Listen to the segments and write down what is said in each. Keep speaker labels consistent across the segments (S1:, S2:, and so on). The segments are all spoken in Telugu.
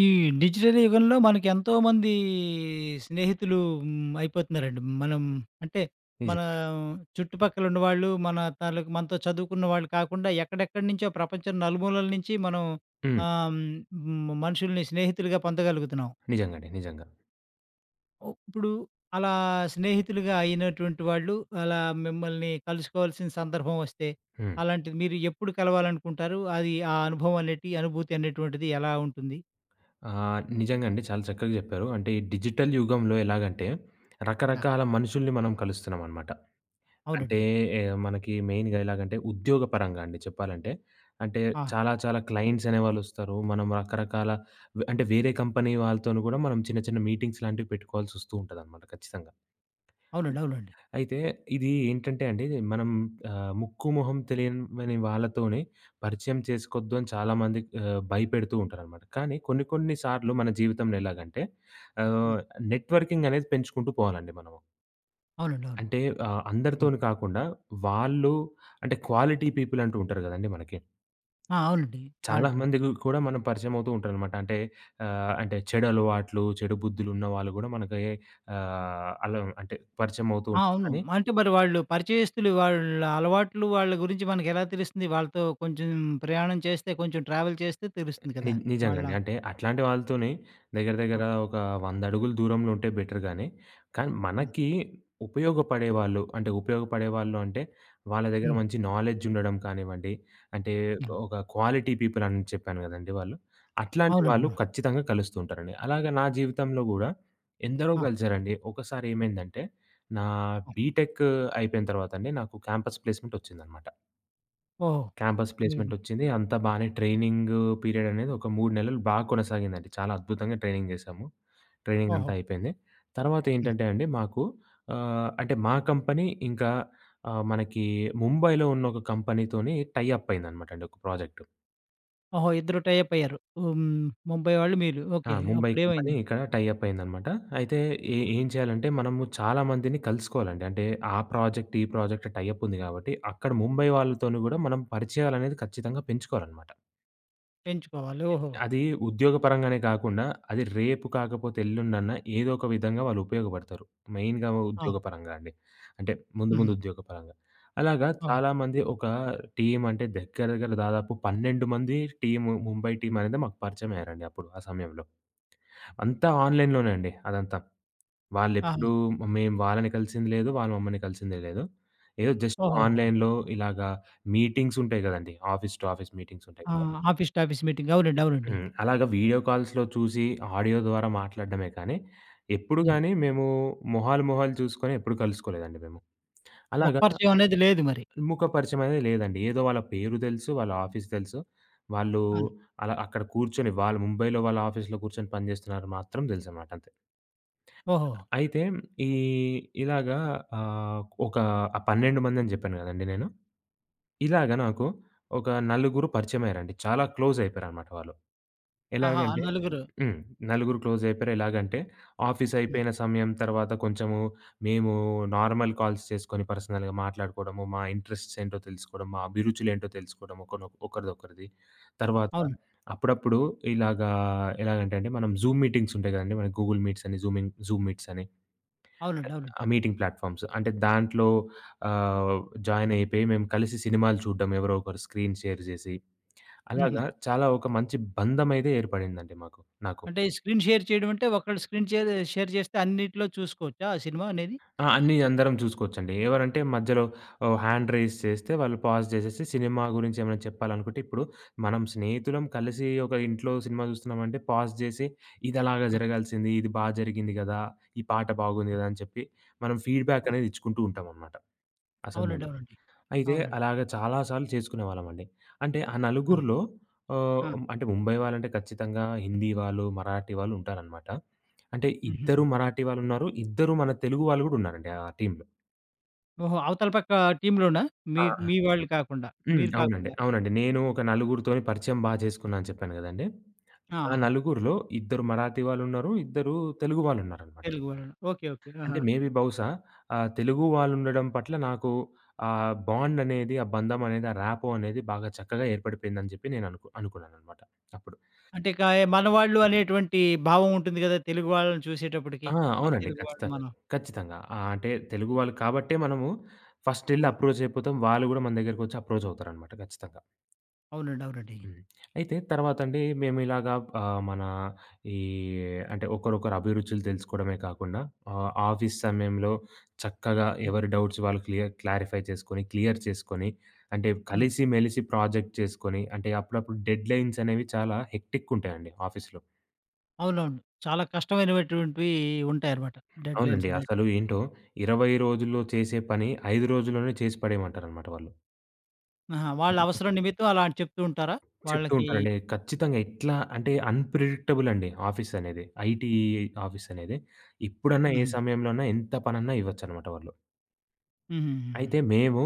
S1: ఈ డిజిటల్ యుగంలో మనకెంతోమంది స్నేహితులు హ్మ్. అయిపోతన్నారండి. మనం అంటే,
S2: నిజం.
S1: మన చుట్టుపక్కలున్నవాాళ్ళు, మన తల మనతో చదువుకున్న వాళ్ళు కాకుండా, ఎక్కడెక్కడ్నుంచో ప్రపంచం నలుమూలల నించి మనం
S2: హ్మ్.
S1: ఆహ్, హ్మ్. హ్మ్. మనుషుల్ని స్నేహితులుగా పొందగలుగుతున్నాం.
S2: నిజంగా అండి. నిజంగా.
S1: ఓహ్! ఇప్పుడు అలా స్నేహితులుగా అయినటువంటి వాళ్ళు అలా మిమ్మల్ని కలుసుకోవాల్సిన సందర్భం ఒస్తే.
S2: హ్మ్.
S1: అలాంటిది మీరు ఎప్పుడు కలవాలనుకుంటారు? అది ఆ అనుభవం అనేటి అనుభూతి అనేటువంటిది ఎలా ఉంటుంది?
S2: ఆ! నిజంగా అండి. చాలా చక్కగా జెప్పారు. అంటే ఈ డిజిటల్ యుగంలో ఎలాగంటే,
S1: ఆ!
S2: రకరకాల మనుషుల్ని మనం కలుస్తున్నామనమాట. అంటే
S1: అవునండి.
S2: ఎ మనకి మెయిన్‌గా ఎలాగంటే, ఉద్యోగపరంగా అండి చెప్పాలంటే. అంటే
S1: ఆ!
S2: చాలా చాలా క్లయింట్స్ అనేవాాళ్ళొస్తారు. మనం రకరకాల వ అంటే వేరే కంపెనీ వాళ్ళతోని గూడా మనం చిన్న చిన్న మీటింగ్స్ లాంటివి పెట్టుకోవాల్సొస్తూ ఉంటదనమాట ఖచ్చితంగా.
S1: అవునండి. అవునండి.
S2: అయితే ఇది ఏంటంటే అండి మనం ఆహ్, ముక్కుమొహం తెలియమని వాళ్ళతోని పరిచయం చేసుకోద్దని చాలామందికి ఆహ్, భయపెడుతూ ఉంటారనమాట. కానీ కొన్ని కొన్ని సార్లు మన జీవితంలో ఎలాగంటే
S1: హ్మ్.
S2: ఆహ్, నెట్‌వర్కింగ్ అనేది పెంచుకుంటూ పోవాలండి మనము.
S1: అవునండి. అవును.
S2: అంటే, ఆహ్,
S1: హ్మ్.
S2: అందరితోని కాకుండా, వాళ్ళు అంటే క్వాలిటీ పీపుల్ అంటు ఉంటారు గదండీ మనకి.
S1: ఆ! అవునండి. క్వాలిటీ.
S2: చాలామందికి కూడా మనం పరిచయమవుతూంటారనమాట. అంటే, ఆహ్, అంటే చెడు అలవాట్లు, చెడు బుద్ధులున్న వాళ్ళు గూడా మనకు ఎ ఆహ్, అలం అంటే
S1: ఆ!
S2: పరిచయమవుతూటారు.
S1: అవును.
S2: కానీ
S1: అంటే మరి వాళ్ళు పరిచయస్తులు వాళ్ళ అలవాట్లు వాళ్ళ గురించి మనకెలా తెలుస్తుంది? వాళ్ళతో కొంచెం ప్రయాణం చేస్తే కొంచెం ట్రావెల్ చేస్తే తెలుస్తుంది
S2: ని
S1: కదా!
S2: నిజంగా
S1: వాళ్ళ
S2: అండి. అంటే అట్లాంటి వాళ్ళతోని దెగ్గర దెగ్గర
S1: ఆ!
S2: ఒక 100 అడుగులు దూరంలో ఉంటే బెటర్ గానీ, కానీ
S1: హ్మ్.
S2: మనకి ఉపయోగపడేవాాళ్ళు, అంటే ఉపయోగపడేవాాళ్ళు అంటే వాళ్ళ దగ్గర
S1: హ్మ్.
S2: మంచి నాలెడ్జ్ ఉండడం కానివ్వండి, అంటే
S1: హ్మ్.
S2: ఒక క్వాలిటీ పీపుల్ అని చెప్పాను గదండీ వాళ్ళు. అట్లాంటి
S1: అవునండి.
S2: వాళ్ళు
S1: ఆ!
S2: ఖచ్చితంగా కలుస్తూ ఉంటారండి. అలాగ నా జీవితంలో గూడా ఎందరో
S1: ఆ!
S2: కలిసారండి. ఒకసారి ఏమైందంటే, నా
S1: ఆ!
S2: బీటెక్కూ అయిపోయిన తర్వాతండి నాకు క్యాంపస్ ప్లేస్‌మెంట్ ఒచ్చిందనమాట.
S1: ఓహ్!
S2: క్యాంపస్
S1: హ్మ్.
S2: ప్లేస్‌మెంటొచ్చింది. అంతా బానే ట్రైనింగ్ పీరియడనేది ఒక 3 నెలలు బాగా కొనసాగిందండి. చాలా అద్భుతంగా ట్రైనింగ్ జేసాము. ట్రైనింగంతా
S1: ఓహో!
S2: అయిపోయింది. తర్వాత
S1: హ్మ్.
S2: ఏంటంటే అండి మాకు ఆహ్, అంటే మా కంపెనీ ఇంకా ఆహ్, మనకి ముంబైలో ఉన్న ఒక కంపెనీతోని టైఅప్ అయిందనమాటండి ఒక ప్రాజెక్టు.
S1: ఓహో! ఇద్దరు టై అప్ అయ్యారు. ఆహ్, హ్మ్, ముంబై వాళ్ళు మీరు.
S2: ఆ!
S1: ఓకే.
S2: ముంబై కంపెనీ
S1: అప్పుడేమైందండి?
S2: ఇక్కడ టై అప్ అయిందనమాట. అయితే ఏ
S1: ఆ!
S2: ఏం చేయాలంటే మనము చాలామందిని కలుసుకోవాలండి. అంటే ఆ ప్రాజెక్ట్, ఈ ప్రాజెక్ట్ టై అప్ ఉంది కాబట్టి అక్కడ ముంబై వాళ్ళతోను కూడా మనం పరిచయాలనేది ఖచ్చితంగా పెంచుకోవాలనమాట.
S1: పెంచుకోవాలి. ఓహో!
S2: అది ఉద్యోగపరంగానే గాకుంన్నా అది రేపు కాకపోతే, ఎల్లుండన్న ఏదో ఒక విధంగా వాళ్ళు ఉపయోగబడతారు. మెయిన్‌గా
S1: అవును.
S2: ఉద్యోగపరంగా అండి. అంటే ముందు, ముందు
S1: హుహు.
S2: ఉద్యోగపరంగా. అలాగా
S1: అవును.
S2: చాలామంది ఒక టీమంటే దగ్గర, దగ్గర్ల దాదాపు 12 మంది టీము ముంబై టీమనేది మాకు పరిచమయ్యారండి అప్పుడు ఆ సమయంలో. అంతా ఆన్‌లైన్‌లోనే అండి అదంతా.
S1: ఆహా!
S2: వాళ్ళెప్పుడూ మేం వాళ్ళని కలిసింది లేదు. వాళ్ళ మమ్మల్ని కలిసిందే లేదు. ఏదో జస్ట్
S1: ఓహోహో!
S2: ఆన్‌లైన్‌లో ఇలాగా మీటింగ్సుంటాయి గదండీ. ఆఫీస్ టు ఆఫీస్ మీటింగ్సుంటాయి గద!
S1: ఆహ్, ఆఫీస్ టు ఆఫీస్ మీటింగ్. అవునండి, అవునండి.
S2: హ్మ్. అలాగా వీడియో కాల్స్‌లో చూసి ఆడియో ద్వారా మాట్లాడడమే కానీ,
S1: హ్మ్.
S2: ఎప్పుడుగాని మేము మొహాలు మొహాలు చూసుకొని ఎప్పుడు కలుసుకోలేదండి మేము. అలాగా,
S1: ముఖపరిచయం అనేది లేదు మరి.
S2: ముఖపరిచయమనేది లేదండి. ఏదో వాళ్ళ పేరు దెలుసు. వాళ్ళ ఆఫీస్ దెలుసు. వాళ్ళు,
S1: అవును.
S2: అలా అక్కడ కూర్చొని వాళ్ళు ముంబైలో వాళ్ళ ఆఫీస్‌‌లో కూర్చొని పనిజేస్తున్నారు మాత్రం దెలుసనమాట అంతే.
S1: ఓహో!
S2: అయితే ఈ ఇలాగా ఆహ్, ఒక ఆహ్, 12 మందని జెప్పాను గదండీ నేను. ఇలాగ నాకు, ఒక నలుగురు పరిచయమయ్యారండి. చాలా క్లోజయిపోయారనమాట వాళ్ళు.
S1: ఆహా! ఆ
S2: ఎలాగంటే
S1: నలుగురు.
S2: హ్మ్. నలుగురు క్లోజయిపోయారు. ఎలాగంటే
S1: హ్మ్.
S2: ఆఫీసయిపోయిన సమయం తర్వాత కొంచెము మేము నార్మల్ కాల్స్ చేసుకొని పర్సనల్‌గా మాట్లాడుకోడము, మా ఇంట్రెస్ట్స్ ఏంటో తెలుసుకోడం, మా అభిరుచులు ఏంటో తెలుసుకోడము. ఒకనొ ఒకరిదొకరిది. తర్వాత,
S1: అవును.
S2: అప్పుడప్పుడు ఇలాగా ఎలాగంటే అంటే మనం జూం మీటింగ్సుంటాయి గదండీ, మన గూగుల్ మీట్సని జూమింగ్ జూం మీట్సని.
S1: అవునండి,
S2: అ
S1: అవునండి.
S2: ఆ! Meeting platforms. అంటే దాంట్లో ఆహ్, జాయినయిపోయి మేము కలిసి సినిమాలు చూడడం ఎవరో ఒకరు స్క్రీన్ షేర్ జేసి.
S1: హుహు.
S2: అలాగా చాలా ఒక మంచి బంధమైతే ఏర్పడిందండి మాకు నాకు.
S1: అంటే స్క్రీన్ షేర్ చేయడం అంటే, ఒకళ్ళ స్క్రీన్ చేదె షేర్ జేస్తే అన్నిటిలో చూసుకోవచ్చా ఆ సినిమా అనేది?
S2: ఆ! అన్నీ అందరం చూసుకోవచ్చండి. ఎవరంటే మధ్యలో ఆహ్, హ్యాండ్ రైజ్ చేస్తే వాళ్ళు పాజ్ చేసేసి, సినిమా గురించి ఏమైనా చెప్పాలనుకుంటే ఇప్పుడు మనం స్నేహితులం కలిసి ఒక ఇంట్లో సినిమా చూస్తున్నామంటే, పాజ్ జేసి, ఇదలాగా
S1: ఆ!
S2: జరగాల్సింది. ఇది బా జరిగింది గదా! ఈ పాట బాగుంది
S1: హ్మ్.
S2: గదా! అని చెప్పి మనం
S1: ఆ!
S2: ఫీడ్‌బాకనేది ఇచ్చుకుంటూ ఉంటంనమాట, ఆ
S1: అవునండి,
S2: సమయంలో.
S1: అవునండి.
S2: అయితే
S1: అవునండి.
S2: అలాగ చాలా సార్లు చేసుకునేవాళ్ళమండి. అంటే ఆ
S1: ఆ!
S2: నలుగురిలో ఆహ్,
S1: ఆ!
S2: అంటే ముంబై వాళ్ళంటే ఖచ్చితంగా హిందీ వాళ్ళు, మరాఠీ వాళ్ళుంటారనమాట. అంటే ఇద్దరు
S1: హుహుహు.
S2: మరాఠీ వాళ్ళున్నారు, ఇద్దరు మన తెలుగు వాళ్ళు గూడా ఉన్నారండి ఆ టీంలో.
S1: ఓహో! అవతల పక్క టీమ్‌‌లోనా మీ
S2: ఆ!
S1: మీ వాళ్ళు కాకుండా,
S2: హ్మ్.
S1: మీరు
S2: అవునండి.
S1: కాకుండా?
S2: అవునండి. నేను ఒక నలుగురితోని పరిచయం బా జేసుకున్నానని చెప్పాను గదండీ! ఆ
S1: ఆహా!
S2: నలుగురులో ఇద్దరు మరాఠీ వాళ్ళున్నారు, ఇద్దరు తెలుగు వాళ్ళు ఉన్నారనమాట.
S1: తెలుగు వాళ్లనా? ఓకే. ఓకే.
S2: అంటే,
S1: ఆహా!
S2: మే బీ బహుశా ఆహ్, తెలుగు వాళ్ళు ఉండడం పట్ల నాకు ఆహ్, బాండ్ అనేది, ఆ బంధమనేది, ఆ రాపో అనేది, బాగా చక్కగా ఏర్పడిపోయిందని జెప్పి నేను అనుకు అనుకున్నాననమాట అప్పుడు.
S1: అంటే, కాయా మనవాాళ్ళు అనేటువంటి భావం ఉంటుంది గదా! తెలుగు వాళ్ళని చూసేటప్పటికి
S2: ఆ!
S1: మన
S2: అవునండి.
S1: తెలుగు వాళ్ళు
S2: ఖచ్చితంగా.
S1: మనం.
S2: ఖచ్చితంగా. ఆ! అంటే, తెలుగు వాళ్ళు కాబట్టే మనము ఫస్ట్ ఎళ్లి
S1: హ్మ్.
S2: అప్రోచ్ అయిపోతాం. వాళ్ళు గూడా మన దగ్గరికొచ్చి అప్రోచ్ అవుతారనమాట గచ్చితంగా.
S1: అవునండి. అవునండి.
S2: హ్మ్. అయితే, తర్వాతండి మేమిలాగా ఆహ్, మన ఈ అంటే, ఒకరొకరు అభిరుచులు తెలుసుకోవడమే కాకుండా, ఆహ్, ఆఫీస్ సమయంలో చక్కగా
S1: హ్మ్.
S2: ఎవరు డౌట్స్ వాళ్ళు క్లియ క్లారిఫై చేసుకొని, క్లియర్ చేసుకొని అంటే,
S1: హ్మ్.
S2: కలిసిమెలిసి ప్రాజెక్ట్ చేసుకొని అంటే, అప్పుడప్పుడు డెడ్‌లైన్స్ అనేవి చాలా హెక్టిక్ ఉంటాయండి ఆఫీస్‌లో.
S1: అవునవును. చాలా కష్టమైనవటువంటివి ఉంటాయన్నమాట. డెడ్‌లైన్స్
S2: అవునండి.
S1: అనేటివి.
S2: అసలు ఏంటో, 20 రోజుల్లో చేసే పని 5 రోజుల్లోనే చేసి పడేమంటారనమాట వాళ్ళు.
S1: ఆహా! వాళ్ళ అవసరం నిమిత్తం అలాంట చెప్తూ ఉంటారా?
S2: చెప్తూ
S1: వాళ్ళకి
S2: ఉంటానండి. ఖచ్చితంగా, ఎట్లా అంటే అన్‌ప్రిడిక్టబుల్ అండి ఆఫీస్ అనేది. ఐటీ ఆఫీస్ అనేది. ఎప్పుడన్నా ఏ
S1: హుహు.
S2: సమయంలోన్నా ఎంత పనన్నా ఇవ్వచ్చనమాట వాళ్ళు.
S1: హుహుహుహు.
S2: అయితే, మేము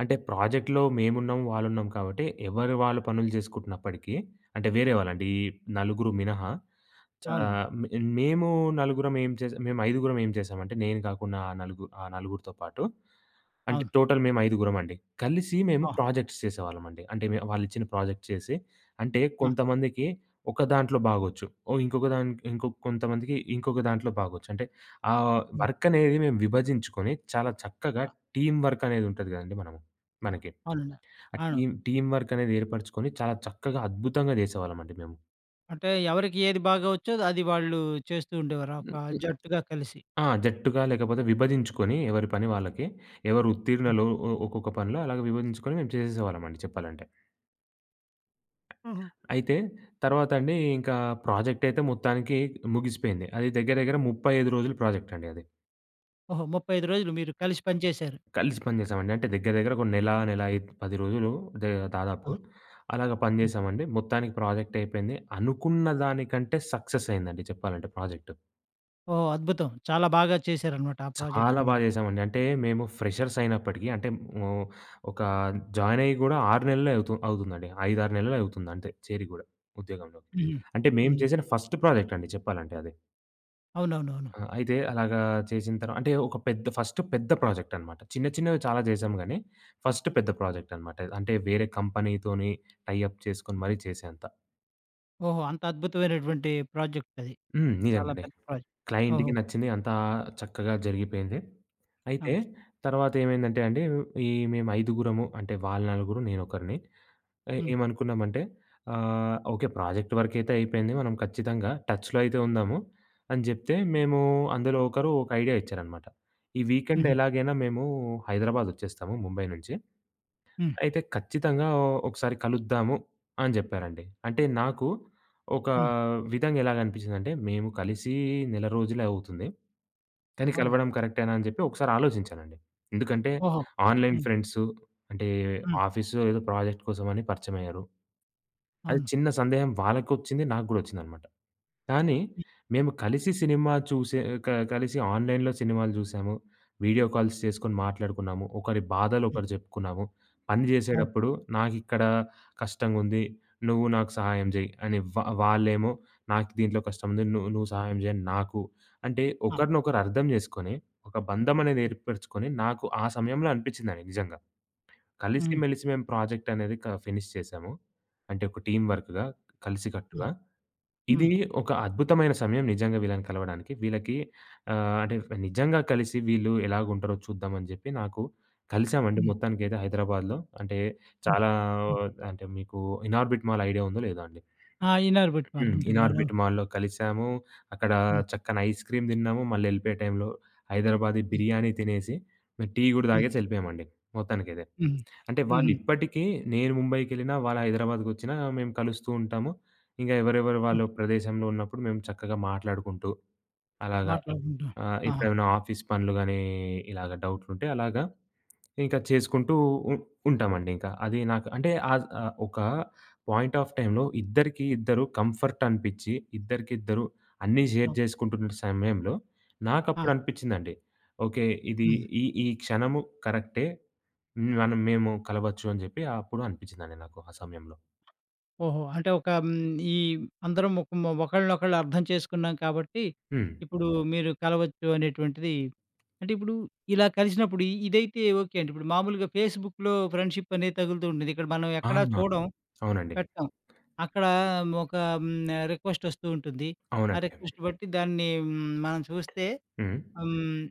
S2: అంటే ప్రాజెక్ట్‌లో మేమున్నాం, వాళ్ళున్నాం కాబట్టి ఎవరి వాళ్ళు పనులు చేసుకుంటున్నప్పటికీ అంటే, వేరే వాళ్ళండి, ఈ నలుగురు మినహా. చ
S1: అవును.
S2: మే మేము నలుగురం ఏం చేస మేం ఐదుగురం ఏం చేసామంటే, నేను కాకుండా ఆ నలుగు ఆ నలుగురితో పాటు. అంటే,
S1: అవును.
S2: టోటల్ మేము ఐదుగురమండి. కలిసి మేము
S1: ఆ!
S2: ప్రాజెక్ట్స్ చేసేవాళ్ళమండి. అంటే, మే వాళ్ళిచ్చిన ప్రాజెక్ట్స్ చేసి, అంటే,
S1: ఆ!
S2: కొంతమందికి ఒక దాంట్లో బాగొచ్చు. ఓ ఇంకొక దాం ఇంకొ కొంతమందికి ఇంకొక దాంట్లో బాగొచ్చు. అంటే, ఆ
S1: హ్మ్.
S2: వర్క్ అనేది మేము విభజించుకొని చాలా చక్కగా
S1: ఆ!
S2: టీమ్ వర్క్ అనేదుంటది కదండీ! మనము
S1: ఆ!
S2: మనకి.
S1: అవునండి.
S2: ఆ
S1: అవును.
S2: టీమ్, టీమ్ వర్క్ అనేది ఏర్పరుచుకొని చాలా చక్కగా, అద్భుతంగా చేసేవాళ్ళమండి మేము.
S1: అంటే, ఎవరికి ఏది బాగా వచ్చో అది వాళ్ళు చేస్తూ ఉండేవారు
S2: హుహు.
S1: ఒక జట్టుగా కలిసి.
S2: ఆ! జట్టుగా లేకపోతే విభజించుకొని, ఎవరి పని వాళ్ళకి ఎవరు
S1: ఆ!
S2: ఉత్తీర్ణలో ఒ ఒక్కొక్క పనిలో, అలాగ విభజించుకొని, మేము చేసేసేవాళ్ళమండి చెప్పాలంటే.
S1: హుహు.
S2: అయితే, తర్వాత అండి, ఇంకా ప్రాజెక్టయితే మొత్తానికి ముగిసిపోయింది. అది దెగ్గర, దెగ్గర 35 రోజుల ప్రాజెక్టండి అది.
S1: ఓహో! 35 రోజులు మీరు కలిసి పని చేశారు.
S2: కలిసి పని జేసామండి. అంటే, దెగ్గర, దెగ్గర ఒక నెల, నెల ఐద్ 10 రోజులు దే
S1: ఆ!
S2: దాదాపు అలాగా పని
S1: హ్మ్.
S2: జేశామండి. మొత్తానికి ప్రాజెక్టయిపోయింది. అనుకున్న దానికంటే, సక్సెసయిందండి. చెప్పాలంటే ప్రాజెక్టు.
S1: ఓహ్! అద్భుతం! చాలా బాగా చేశారనమాట, ఆ
S2: చాలా
S1: ప్రాజెక్ట్‌ని
S2: బాగా
S1: మీరు.
S2: జేసామండి. అంటే, మేము ఫ్రెషర్సయినప్పటికి అంటే, హ్మ్. ఒకా జాయినయ్యి గూడా 6 నెల్లే అవుతు అవుతుందండి. 5, 6 నెలలే అవుతుంది అంతే, చేరి గూడా ఉద్యోగంలో.
S1: హుహు.
S2: అంటే, మేము
S1: హుహు.
S2: జేసిన ఫస్ట్ ప్రాజెక్టండి చెప్పాలంటే అది.
S1: అవునవునవును.
S2: ఆ! అయితే, అలాగా చేసిన తర్వా అంటే, ఒక పెద్ద ఫస్ట్ పెద్ద ప్రాజెక్టనమాట. చిన్న, చిన్నవి చాలా జేసాం గానీ, ఫస్ట్ పెద్ద ప్రాజెక్టనమాట. ఇది. అంటే, వేరే కంపెనీతోని టైఅప్ చేసుకొని మరీ చేసేంత.
S1: ఓహో! అంత అద్భుతమైనటువంటి ప్రాజెక్టది.
S2: హ్మ్.
S1: చాలా
S2: నిజంగండి.
S1: పెద్ద ప్రాజెక్ట్. ఓహో!
S2: క్లయింట్‌కి నచ్చింది అంతా చక్కగా జరిగిపోయింది. అయితే,
S1: ఆ!
S2: తర్వాత ఏమైందంటే అండి, ఈ మేము ఐదుగురము అంటే, వాళ్ళ నలుగురు నేనొకరిని ఏ
S1: హ్మ్.
S2: ఏమనుకున్నామంటే ఆహ్, ఓకే, ప్రాజెక్ట్ వర్కయితే అయిపోయింది. మనం ఖచ్చితంగా టచ్‌లో అయితే ఉందాము అని జెప్తే, మేమూ అందులో ఒకరు ఒక ఐడియా ఇచ్చారనమాట. "ఈ వీకెండ్
S1: హుహు.
S2: ఎలాగైనా మేము హైదరాబాదొచ్చేస్తాము. ముంబై నుంచి.
S1: హ్మ్.
S2: అయితే, ఖచ్చితంగా ఒ ఒ ఒకసారి కలుద్దాము" అని జెప్పారండి. అంటే, నాకు ఒకా
S1: హ్మ్.
S2: విధంగా ఎలాగనిపించిందంటే, మేము కలిసి నెల రోజులే అవుతుంది. కానీ,
S1: అవును.
S2: కలవడం కరెక్టేనా అని జెప్పి ఒకసారి ఆలోజించానండి. ఎందుకంటే,
S1: ఓహో!
S2: ఆన్‌లైన్
S1: హ్మ్.
S2: ఫ్రెండ్స్ అంటే,
S1: హ్మ్.
S2: ఆఫీస్‌లో ఏదో ప్రాజెక్ట్ కోసమని పరిచయమయ్యారు. అది
S1: అవును.
S2: చిన్న సందేహం వాళ్ళకొచ్చింది, నాకు గూడా ఒచ్చిందనమాట. కానీ,
S1: హ్మ్.
S2: మేము కలిసి సినిమా చూసే క కలిసి ఆన్‌లైన్‌లో సినిమాలు జూసాము, వీడియో కాల్స్ చేసుకొని మాట్లాడుకున్నాము, ఒకరి బాధలు
S1: హ్మ్.
S2: ఒకరు జెప్పుకున్నాము, పని
S1: అవు
S2: జేసేటప్పుడు నాకిక్కడ కష్టగుంది. నువ్వు నాకు సహాయం జేయి అని, వా వాళ్ళేమో నాకు దీంట్లో కష్టం ను నువ్వు సహాయం జేయని నాకు అంటే,
S1: ఆ!
S2: ఒకరినొకరు అర్థం జేసుకొని, ఒక బంధమనేది
S1: హ్మ్.
S2: ఏర్పరుచుకొని నాకు ఆ సమయంలో అనిపించిందండి నిజంగా. కలిసి,
S1: హ్మ్.
S2: మెలిసి మేము ప్రాజెక్టనేది క ఫినిష్ చేసాము. అంటే, ఒక టీమ్ వర్క్‌గా కలిసి
S1: హ్మ్.
S2: కట్టుగా. ఇది
S1: హ్మ్.
S2: ఒక అద్భుతమైన సమయం నిజంగా వీళ్ళని కలవడానికి వీళ్ళకి ఆహ్, అంటే, నిజంగా కలిసి వీళ్ళు ఎలాగుంటారో చూద్దామని జెప్పి నాకు కలిసామండి
S1: హ్మ్.
S2: మొత్తానికైతే హైదరాబాద్‌లో. అంటే,
S1: హ్మ్.
S2: చాలా ఓ
S1: హ్మ్.
S2: అంటే, మీకు ఇనార్బిట్ మాల్ ఐడియా ఉందో, లేదో అండి.
S1: ఆ! ఇనార్బిట్
S2: హ్మ్.
S1: మాలుంటుంది.
S2: ఇనార్బిట్
S1: లోపల.
S2: మాల్లో కలిసాము. అక్కడ
S1: హ్మ్.
S2: చక్కన ఐస్ క్రీమ్ తిన్నాము, మళ్ళీ వెళ్ళిపోయే టైంలో హైదరాబాది
S1: హ్మ్.
S2: బిర్యానీ తినేసి, టీ గూడా
S1: హ్మ్.
S2: తాగేసి ఎళ్ళిపోయామండి మొత్తానికైదే.
S1: హుహు.
S2: అంటే, వాళ్ళు
S1: హుహు.
S2: ఇప్పటికి నేను ముంబైకెళ్ళినా, వాళ్ళు హైదరాబాద్‌కొచ్చినా మేము కలుస్తూ ఉంటాము. ఇంగా ఎవరెవరు వాళ్ళు
S1: హ్మ్.
S2: ప్రదేశంలో ఉన్నప్పుడు మేము చక్కగా మాట్లాడుకుంటూ అలాగా
S1: మాట్లాడుకుంటాం.
S2: ఆ!
S1: ఆహా!
S2: ఎప్పుడేమైనా ఆఫీస్ పనులు గానీ, ఇలాగ డౌట్లు ఉంటే అలాగా ఇంకా చేసుకుంటూ ఉ ఉంటామండి ఇంకా. అది నాకు అంటే, ఆద్ ఆహ్, ఒక పాయింట్ ఆఫ్ టైమ్‌లో ఇద్దరికి ఇద్దరు కంఫర్టనిపించి, ఇద్దరికిద్దరు అన్నీ షేర్
S1: ఓహ్!
S2: జేసుకుంటున్న సమయంలో నాకప్పుడు
S1: ఆ!
S2: అనిపించిందండి ఓకే, ఇది
S1: హుహు.
S2: ఈ ఈ క్షణము కరెక్టే, హ్మ్, మనం మేము కలవచ్చు అని జెప్పి అప్పుడు అనిపించిందండి నాకు ఆ సమయంలో.
S1: ఓహో! అంటే, ఒక హ్మ్. ఈ అందరం మొకం మొ ఒకళ్ళనొకళ్ళు అర్థం చేసుకున్నాం కాబట్టి,
S2: హ్మ్.
S1: ఇప్పుడు మీరు కలవచ్చు అనేటువంటిది అంటే, ఇప్పుడు ఇలా కలిసినప్పుడు ఇదైతే ఓకే అండి, ఇప్పుడు మామూలుగా ఫేస్‌బుక్‌లో ఫ్రెండ్‌షిపనేది తగులుతూ ఉంటుంది. ఇక్కడ మనం ఎక్కడ
S2: అవునా?
S1: చూడం,
S2: అవునండి.
S1: పెట్టం. అక్కడ ఒక హ్మ్. ఆ రిక్వెస్టొస్తూ ఉంటుంది. ఆ
S2: అవునండి.
S1: రిక్వెస్ట్ బట్టి దాన్ని హ్మ్. మనం చూస్తే
S2: హ్మ్.
S1: హ్మ్.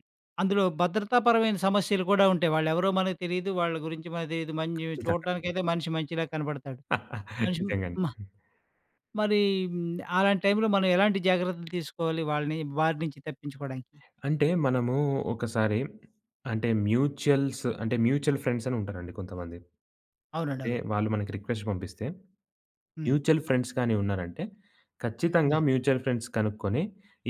S1: అందులో భద్రతాపరమైన సమస్యలు కూడా ఉంటాయి. వాళ్లెవరో మనకు తెలీదు, వాళ్ళ గురించి మన తెలీదు. మంజి
S2: నిజంగా.
S1: చూడటానికైతే మనిషి మంచిలా కనపడతాడు. మనిషి
S2: నిజంగా అండి.
S1: హ్మ్ ఆ!
S2: హ్మ్.
S1: మరీ, హ్మ్. అలాంటి టైంలో మనం ఎలాంటి జాగ్రత్తలు తీసుకోవాలి? వాళ్ళని వారి నుంచి తప్పించుకోడానికి?
S2: అంటే, మనము ఒకసారి అంటే, మ్యూచుయల్స్ అంటే, మ్యూచువల్ ఫ్రండ్సని ఉంటారండి కొంతమంది. అంటే,
S1: అవునండవును.
S2: వాళ్ళు మనకి రిక్వెస్ట్ పంపిస్తే,
S1: హ్మ్.
S2: మ్యూచువల్ ఫ్రండ్స్ గాని ఉన్నారాంటే, ఖచ్చితంగా
S1: హ్మ్.
S2: మ్యూచువల్ ఫండ్స్ కనుక్కొని,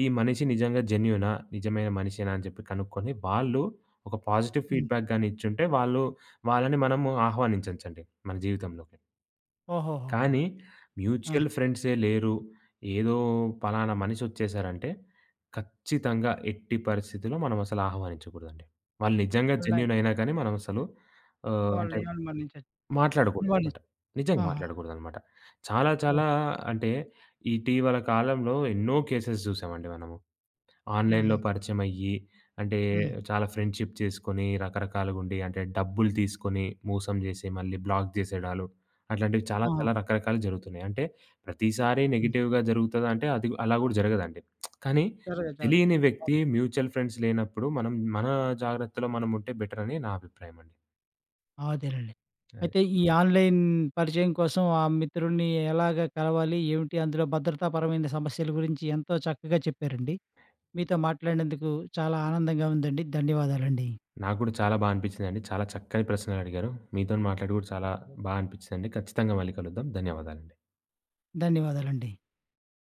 S2: ఈ మనిషి నిజంగా జెన్యూనా, నిజమైన మనిషేనా, అని చెప్పి కనుక్కొని, వాళ్ళు ఒక పాజిటివ్
S1: హ్మ్.
S2: ఫీడ్‌బ్యాక్ గాని ఇచ్చుంటే, వాళ్ళు వాళ్ళని మనము ఆహ్వానించొచ్చండి మన జీవితంలోకి.
S1: ఓహోహోహో!
S2: కానీ
S1: ఆ!
S2: మ్యూచువల్ ఫ్రేండ్సే లేరు, ఏదో పలానా మనిషి వచ్చేసారంటే, ఖచ్చితంగా ఎట్టి పరిస్థితిలో మనం అసలు ఆహ్వానించకూడదండి. వాళ్ళు నిజంగా
S1: ఉన్నాయి.
S2: జెన్యూనైనా గాని మనం అసలు ఆహ్,
S1: వాళ్ళు
S2: అంటే,
S1: ఏం అనుమానించొచ్చు. అనుమాని
S2: మాట్లాడకూడదనమాట. నిజంగా
S1: ఆహా!
S2: మాట్లాడకూడదనమాట. చాలా
S1: ఓహ్!
S2: చాలా అంటే ఇటీవల కాలంలో ఎన్నో కేసెస్ చూసామండి మనము. ఆన్‌లైన్‌లో
S1: హుహు.
S2: పరిచయమయ్యి అంటే
S1: హ్మ్.
S2: చాలా ఫ్రెండ్‌షిప్ చేసుకొని రకరకాలుగుండి అంటే డబ్బులు తీసుకొని, మోసం చేసి మళ్ళీ బ్లాక్ చేసేడాళ్ళు. అట్లాంటివి చాలా
S1: ఆహా!
S2: చాలా రకరకాలు జరుగుతున్నాయి. అంటే ప్రతిసారి
S1: హ్మ్.
S2: నెగెటివ్‌గా జరుగుతదా అంటే అది అలా కూడా జరగదండి. కానీ.
S1: సరే చ
S2: తెలియని వ్యక్తి
S1: అవును.
S2: మ్యూచువల్ ఫ్రేండ్స్ లేనప్పుడు మనం మన జాగ్రత్తలో మనం ఉంటే బెటర్ అని నా అభిప్రాయమండి.
S1: ఆ! అదేనండి.
S2: అది.
S1: అయితే ఈ ఆన్‌లైన్ పరిచయం కోసం ఆ మిత్రుడిని ఎలాగ కలవాలి, ఏమిటి, అందులో భద్రతాపరమైన సమస్యల గురించి ఎంతో చక్కగా చెప్పారండి. మీతో మాట్లాడినందుకు చాలా ఆనందంగా ఉందండి. ధన్యవాదాలండి.
S2: నాకు కూడా చాలా బాగా అనిపిచిందండి. చాలా చక్కని ప్రశ్నలు అడిగారు. మీతోని మాట్లాడి కూడా చాలా బా అనిపిచిందండి. ఖచ్చితంగా మళ్ళీ కలుద్దాం, ధన్యవాదాలండి.
S1: ధన్యవాదాలండి.